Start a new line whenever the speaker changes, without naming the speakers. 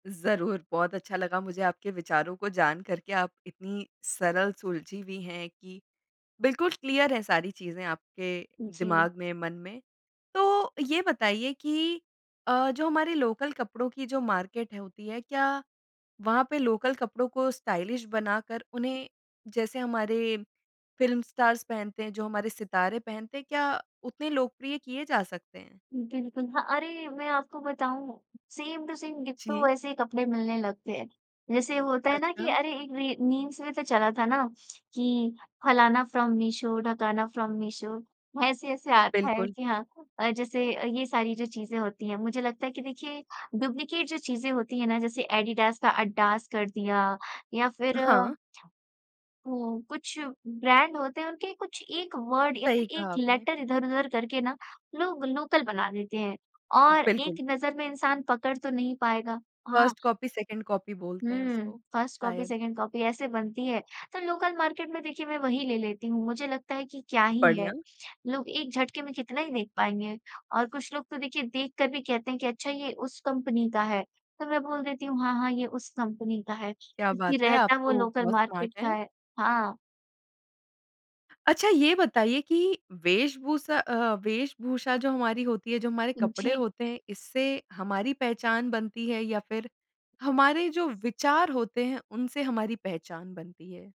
ज़रूर। बहुत अच्छा लगा मुझे आपके विचारों को जान करके, आप इतनी सरल सुलझी हुई हैं कि बिल्कुल क्लियर है सारी चीज़ें आपके
जी।
दिमाग में, मन में। तो ये बताइए कि अ, जो हमारे लोकल कपड़ों की जो मार्केट होती है क्या वहाँ पे लोकल कपड़ों को स्टाइलिश बनाकर उन्हें जैसे हमारे फिल्म स्टार्स पहनते हैं, जो हमारे सितारे पहनते हैं, क्या उतने लोकप्रिय किये जा सकते हैं?
बिल्कुल। हाँ, अरे मैं आपको बताऊँ सेम टू सेम, डिट्टो
जी।
ऐसे ही कपड़े मिलने लगते हैं। जैसे होता है ना कि
अच्छा।
अरे एक री मीम्स में तो चला था ना कि फलाना फ्रॉम मीशो, ढकाना फ्रॉम मीशो। ऐसे-ऐसे आ रखा है।
बिल्कुल।
जी हाँ, अ, जैसे अ, ये सारी जो चीज़ें होती हैं। मुझे लगता है कि देखिए डुप्लीकेट जो चीज़ें होती हैं ना जैसे एडिडास का अड्डास कर दिया या फिर
हाँ।
हुँ, कुछ ब्रांड होते हैं उनके कुछ एक वर्ड या
सही
फिर एक
कहा आपने।
लेटर इधर-उधर करके ना लोग लोकल बना देते हैं। और
बिल्कुल।
एक नज़र में इंसान पकड़ तो नहीं पाएगा। हाँ।
1st कॉपी, 2nd कॉपी बोलते हैं
हुँ,
उसको,
1st कॉपी,
शायद।
2nd कॉपी ऐसे बनती है। तो लोकल मार्केट में देखिए मैं वही ले लेती हूँ। मुझे लगता है कि क्या ही है,
बढ़िया।
लोग एक झटके में कितना ही देख पाएँगे। और कुछ लोग तो देखिए देख कर भी कहते हैं कि अच्छा ये उस कंपनी का है। तो मैं बोल देती हूँ हाँ, हाँ, ये उस कंपनी का है,
क्या
जब्कि
बात है आप
रहता वो
तो
लोकल
बहुत स्मार्ट
मार्केट का
हैं।
है। हाँ।
अच्छा ये बताइए कि वेश-भूसा अ, वेश-भूषा जो हमारी होती है, जो हमारे
उ,
कपड़े
जी।
होते हैं, इससे हमारी पहचान बनती है? या फिर हमारे जो विचार होते हैं उनसे हमारी पहचान बनती है?